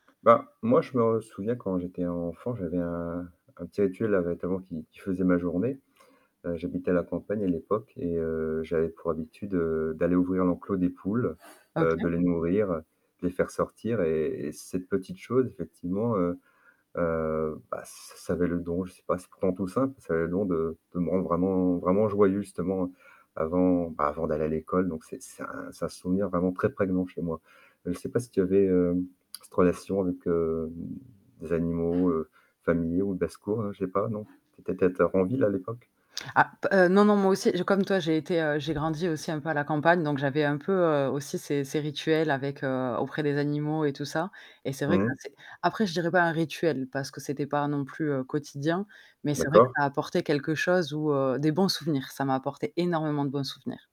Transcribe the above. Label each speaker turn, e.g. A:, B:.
A: Bah, moi, je me souviens, quand j'étais enfant, j'avais un un petit rituel là, notamment qui qui faisait ma journée. Heu, j'habitais à la campagne à l'époque et heu, j'avais pour habitude, heu, d'aller ouvrir l'enclos des poules, heu,
B: OK.
A: de les nourrir, de les faire sortir et cette petite chose effectivement, heu heu, bah, ça avait le don, je sais pas, c'est pourtant tout simple, ça avait le don de de me rendre vraiment vraiment joyeux justement avant, bah, avant d'aller à l'école, donc c'est c'est un souvenir vraiment très prégnant chez moi. Je sais pas si tu avais cette relation avec, heu, des animaux familiaux ou de secours, je sais pas, non, tu étais peut-être en ville à l'époque.
B: Ah, heu, non, non moi aussi comme toi j'ai été, j'ai grandi aussi un peu à la campagne donc j'avais un peu aussi ces ces rituels avec auprès des animaux et tout ça et c'est vrai que
A: Mmh mh.
B: c'est après je dirais pas un rituel parce que c'était pas non plus quotidien, mais c'est vrai que
A: D'accord.
B: ça a apporté quelque chose ou des bons souvenirs, ça m'a apporté énormément de bons souvenirs.